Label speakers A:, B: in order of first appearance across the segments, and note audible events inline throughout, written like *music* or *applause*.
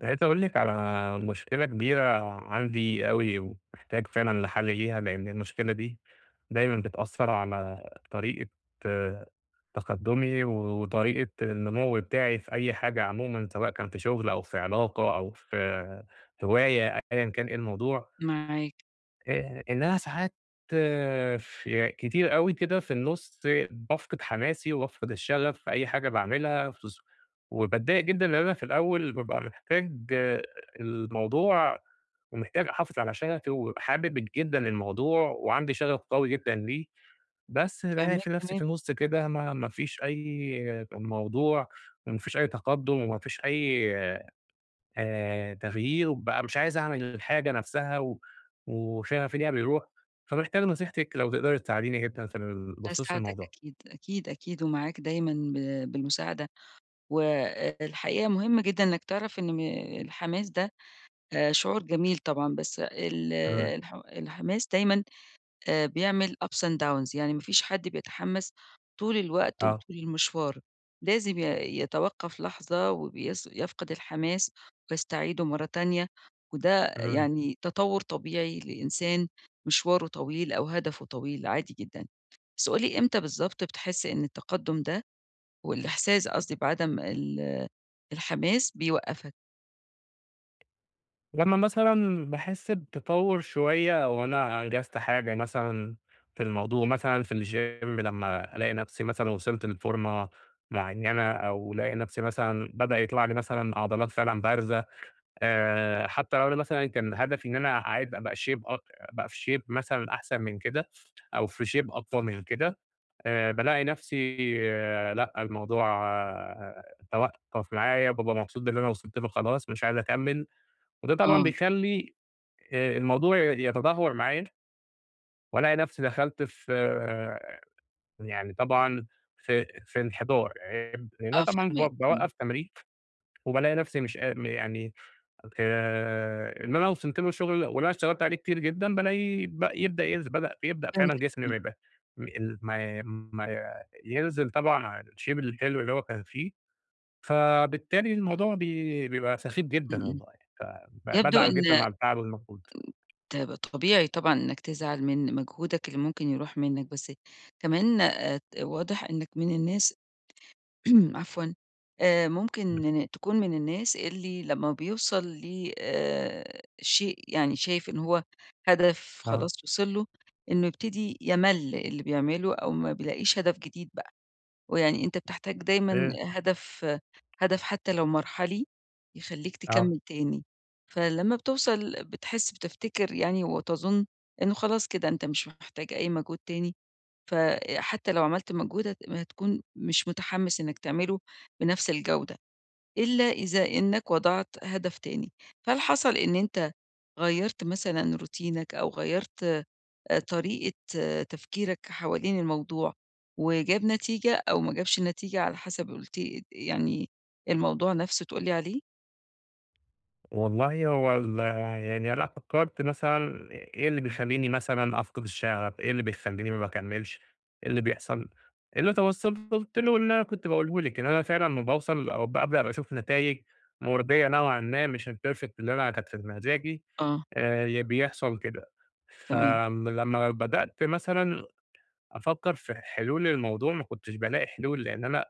A: عايز أقول لِك على مشكلة كبيرة عندي أوي ومحتاج فعلًا لحل ليها؛ لأن المشكلة دي دايمًا بتأثر على طريقة تقدمُي و وطريقة النمو بتاعي في أي حاجة عمومًا سواء كان في شغل أو في علاقة أو في هواية أيًا كان إيه الموضوع.
B: معاك.
A: آآ إن أنا ساعات ف كتير أوي كده في النُص بافقد حماسي وبافقد الشغف في أي حاجة باعملها في ظ وباتضايق جدًا لإن أنا في الأول بابقى محتاج الموضوع ومحتاج أحافظ على شغفي وبابقي حابب جدًا الموضوع وعندي شغف قوي جدًا ليه، بس بالاقي ف
B: فاهماك
A: نفسي في
B: تمام.
A: النُص كده ما ما فيش أي موضوع و ما فيش أي تقدّم وما فيش أي آآ تغيير وبقى مش عايز أعمل الحاجة نفسّها و وشغفي فيها بيرُوح، فمحتاج نصيحتِك لو تقدري تساعديني جدًا في ال بخصوص
B: أساعدك
A: الموضوع ده.
B: أكيد أكيد أكيد ومعاك دايمًا ب بالمساعدة، والحقيقة مهم جدًا إنك تعرف إن م الحماس ده شعور جميل طبعًا بس ال
A: إمم.
B: الح الحماس دايمًا آآ بيعمل ups and downs، يعني ما فيش حد بيتحمّس طول الوقت
A: آه.
B: وطول المشوار، لازم ي يتوقّف لحظة وبيص يفقد الحماس ويستعيده مرة تانية وده
A: إمم.
B: يعني تطوُّر طبيعي لإنسان مشواره طويل أو هدفه طويل عادي جدًا، بس قُل لي إمتى بالضبط بتحس إن التقدّم ده والإحساس قصدي بعدم ال الحماس بيوقّفك؟
A: لما مثلًا باحس بتطور شوية أو أنا أنجزت حاجة مثلًا في الموضوع مثلًا في الgym لما ألاقي نفسي مثلًا وصلت لفورمة معينة، أو ألاقي نفسي مثلًا بدأ يطلع لي مثلًا عضلات فعلًا بارزة آآ، حتى لو أنا مثلًا كان هدفي إن أنا عايز أبقى shape اك أبقى في shape مثلًا أحسن من كده، أو في shape أفضل من كده، آآ بالاقي نفسي لأ الموضوع توقف معايا بابقى مبسوط باللي أنا وصلت له خلاص مش عايز أكمِّل. وده طبعًا
B: آه.
A: بيخلّي الموضوع ي يتدهور معايا وألاقي نفسي دخلت في يعني طبعًا في في انحدار، *unintelligible* لإن أنا
B: آه
A: طبعًا ب
B: فاهماك إمم.
A: باوقف تمرين وبالاقي نفسي مش قا يعني آآ اللي أنا وصلت له الشغل واللي انا اشتغلت عليه كتير جدًا بالاقي ب يبدأ ينزل بدأ بيبدأ فعلًا
B: فهمتَك
A: جسمي
B: إمم.
A: ما يبقى ال ما ما ينزل طبعًا عن الshape الحلو اللي هو كان فيه، فبالتالي الموضوع بي بيبقى سخيف
B: إمم،
A: جدًا
B: إمم،
A: والله ف
B: يبدو
A: فبازعل جدًا
B: إن
A: على التعب والمجهود
B: طيب طبيعي طبعًا إنك تزعل من مجهودك اللي ممكن يروح منك، بس كمان آآ واضح إنك من الناس *clears throat* عفوًا آآ، ممكن تكون من الناس اللي لمّا بيوصل ل آآ شيء يعني شايف إن هو هدف
A: آه.
B: خلاص وصل له، إنه يبتدي يمل اللي بيعمله أو ما بيلاقيش هدف جديد بقى، ويعني أنت بتحتاج دايمًا
A: إيه؟
B: هدف هدف حتى لو مرحلي يخلّيك
A: آه.
B: تكمل تاني، فلمّا بتوصل بتحس بتفتكر يعني وتظن إنه خلاص كده أنت مش محتاج أي مجهود تاني فحتى لو عملت مجهود هت هتكون مش متحمس إنك تعمله بنفس الجودة، إلا إذا إنك وضعت هدف تاني. فهل حصل إن أنت غيّرت مثلًا روتينك أو غيّرت طريقة تفكيرك حوالين الموضوع وجاب نتيجة أو ما جابش نتيجة على حسب قُلت لي يعني الموضوع نفسه تقول لي عليه؟
A: والله هو ال يعني لأ فكّرت مثلًا إ إيه اللي بيخلّيني مثلًا أفقِد الشغف إيه اللي بيخلّيني ما باكملش إيه اللي بيحصَل اللي توصَّلت له اللي أنا كنت باقوله لِك إن أنا فعلًا لما باوصل أو بأبدأ أشوف نتايج مرضّية نوعًا ما مش الperfect اللي أنا كانت في د مزاجي،
B: آه.
A: آآ ي بيحصَل كده. ف
B: تمام.
A: آمم لما بدأت مثلًا أفكّر في حلول للموضوع ما كنتش بالاقي حلول لأن أنا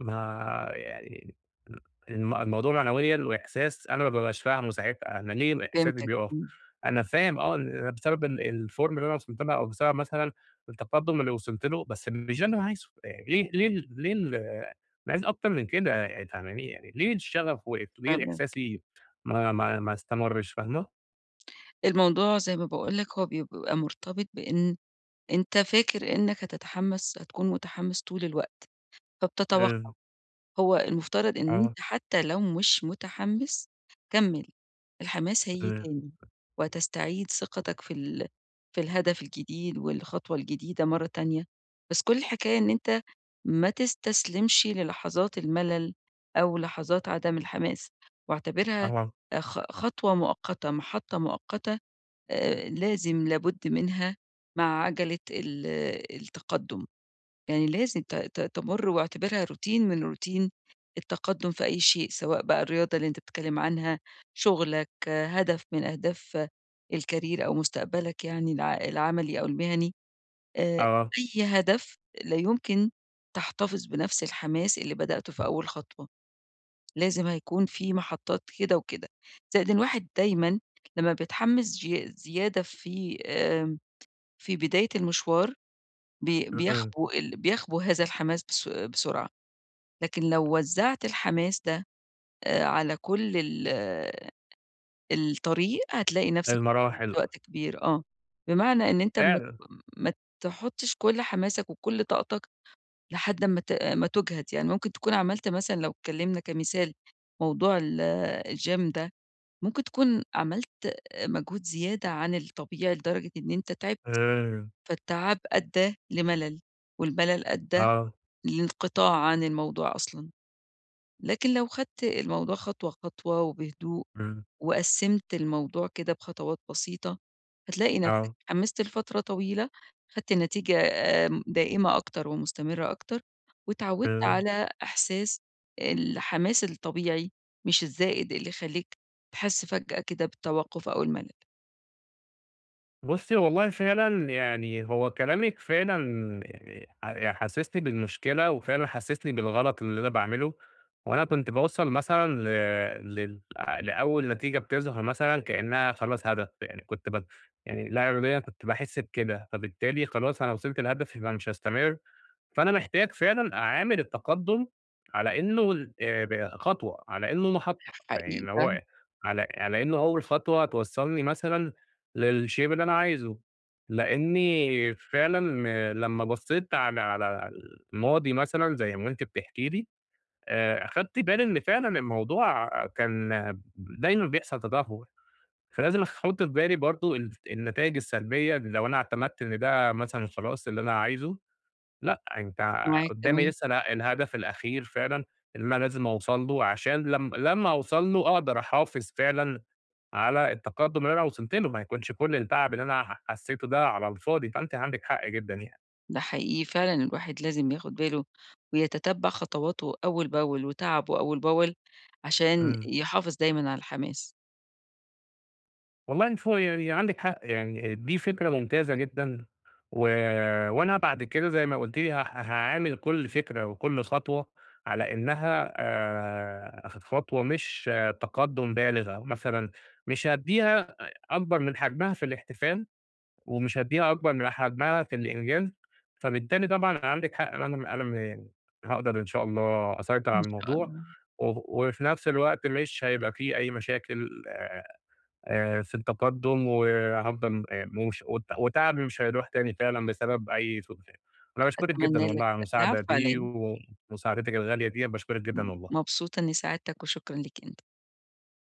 A: ما يعني ل ال الموضوع معنويًا وإحساس أنا ما بابقاش فاهمه ساعتها، أنا ليه إحساسي
B: فهمتك
A: بيقف
B: إمم.
A: أنا فاهم آه إن بسبب ال الform اللي أنا وصَلت لها أو بسبب مثلًا التقدم اللي وصَلت له، بس مش ده اللي أنا عايزه آآ ليه ليه ليه ال أنا عايز أكتر من كده يي فاهماني يعني ليه الشغف وقف وليه
B: فاهماك.
A: إحساسي ما ما ما استمرش؟ فاهمة؟
B: الموضوع زي ما باقول لك هو بيبقى مرتبط بإن أنت فاكر إنّك هتتحمس هتكون متحمس طول الوقت،
A: امم.
B: فبتتوقع هو المفترض إن
A: آه.
B: أنت حتى لو مش متحمس كمّل الحماس هييجي
A: آآ
B: تاني. وهتستعيد ثقتك في ال في الهدف الجديد والخطوة الجديدة مرّة تانية، بس كل الحكاية إن أنت ما تستسلمش للحظات الملل أو لحظات عدَم الحماس واعتبرها
A: أها
B: أ خ خطوة مؤقتة محطة مؤقتة آآ لازم لابد منها مع عجَلة ال التقدم. يعني لازم ت ت تمُر واعتبرها روتين من روتين التقدم في أي شيء سواء بقى الرياضة اللي أنت بتتكلم عنها شُغلك هدف من أهداف الcareer أو مُستقبلك يعني الع العملي أو المهني، آآ
A: آه.
B: أي هدف لا يمكن تحتفظ بنَفس الحماس اللي بدأته في أول خطوة. لازم هيكون في محطات كده وكده، زائد إن الواحد دايمًا لما بيتحمس چيا زيادة في آمم في بداية المشوار بي
A: إمم.
B: بيخبو ال بيخبو هذا الحماس بس بسرعة، لكن لو وزّعت الحماس ده آآ على كل ال الطريق هتلاقي نَفسَك *unintelligible*
A: المراحل أ
B: وقت كبير آه. بمعنى إن أنت ما ت
A: فعلًا.
B: ما تحطش كل حماسك وكل طاقتك لحد أما ت ما تُجهَد يعني ممكن تكون عملت مثلًا لو اتكلمنا كمثال موضوع ال الgym ده ممكن تكون عملت مجهود زيادة عن الطبيعي لدرجة إن أنت تعبت،
A: امم.
B: فالتعب أدّى لملل والملل أدّى
A: آه.
B: لانقطاع عن الموضوع أصلًا، لكن لو خدت الموضوع خطوة خطوة وبهدوء
A: إمم.
B: وقسّمت الموضوع كده بخطوات بسيطة، هتلاقي نَفسَك
A: آه.
B: اتحمست لفترة طويلة خدت النتيجة آمم دائمة أكتر ومستمرة أكتر، واتعودت
A: إمم.
B: على إحساس الحماس الطبيعي مش الزائد اللي يخلّيك تحس فجأة كده بالتوقف أو الملل.
A: بُصي، والله فعلًا يعني هو كلامِك فعلًا يعني ح ي حسسني بالمشكلة وفعلًا حسسني بالغلط اللي أنا باعمله، وأنا كنت باوصّل مثلًا ل لل لأول نتيجة بتظهر مثلًا كأنها خلاص هدف، يعني كنت بت يعني لا إراديًا كنت باحس بكده، فبالتالي خلاص أنا وصلت لهدفي يبقى مش هاستمر، فأنا محتاج فعلًا أعامل التقدم على إنه ل ب خطوة على إنه محطة،
B: حقيقي
A: فيعني
B: فعلًا.
A: هو على على إنه أول خطوة توصّلني مثلًا للshape اللي أنا عايزه؛ لأني فعلًا لمّا بصيت على على الماضي مثلًا زي ما أنتِ بتحكي لي آآ، أخدت بالي إن فعلًا الموضوع كان دايمًا بيحصل تدهور، فلازم أخ أحط في بالي برضه الف النتايج السلبية اللي لو أنا اعتمدت إن ده مثلًا خلاص اللي أنا عايزه، لأ أنت
B: معاك
A: قدامي
B: تمام.
A: لسه اله الهدف الأخير فعلًا اللي أنا لازم أوصل له عشان لم لمّا أوصل له أقدر أحافظ فعلًا على التقدم اللي أنا وصلت له ما يكونش كل التعب اللي أنا ح حسيته ده على الفاضي، فأنتِ عندِك حق جدًا يعني.
B: ده حقيقي فعلًا الواحد لازم ياخد باله ويتتبع خطواته أول باول وتعبه أول باول، عشان
A: إمم.
B: يحافظ دايمًا على الحماس.
A: والله إن فو يعني عندِك حق يعني دي فكرة ممتازة جدًا، و وأنا بعد كده زي ما قُلتِ لي هاح هاعامل كل فكرة وكل خطوة على إنها آآ، خط خطوة مش تقدم بالغة، مثلًا مش هادّيها أ أكبر من حجمها في الاحتفال، ومش هادّيها أكبر من حجمها في الإنجاز، فبالتالي طبعًا عندك حق إن أنا م أنا م هاقدر إن شاء الله أسيطر
B: إن
A: على
B: شاء
A: الموضوع
B: الله.
A: وه وفي نفس الوقت مش هيبقى في أي مشاكل آآ، في التقدم و هافضل م موش وت وتعبي مش هيروح تاني فعلًا بسبب أي سوء *unintelligible* أنا باشكرِك جدًا
B: أتمنى
A: والله
B: لك
A: على المساعدة
B: العفو على
A: دي
B: إيه.
A: ومساعدتِك الغالية ديّة باشكرِك
B: م
A: جدًا والله.
B: مبسوطة إني ساعدتك وشكرا ليك أنت.